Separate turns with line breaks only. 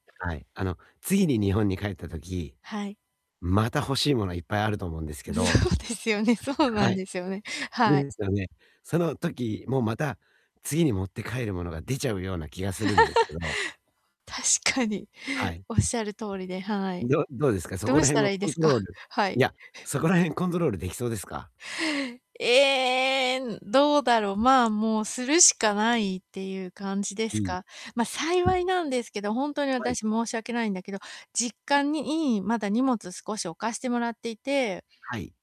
はい。あの、次に日本に帰った時、
はい。
また欲しいものはいっぱいあると思うんですけ
そ
ど
うですよね、そうな
は
ん
い。
ですよね。はい。
ですよね。その時もまた、次に持って帰る物が出ちゃうような気がするんですけども。
確かに。
はい。
おっしゃる通りではい。
どどうですか？そ
ど
こ
う
ら
した
辺を
らいいで
コン
す
ト
か？
ロール
は
い
い。
や、そこら辺コントロールできそうですか？
ええ、どうだろう、まあ、もうするしかないっていう感じで
う
す
ん。
か。ま、幸いなんですけど、ほんとに
はい。
私申し訳ないんだけど、実家にいいまだ荷物少し置かしてもらっていて
はい。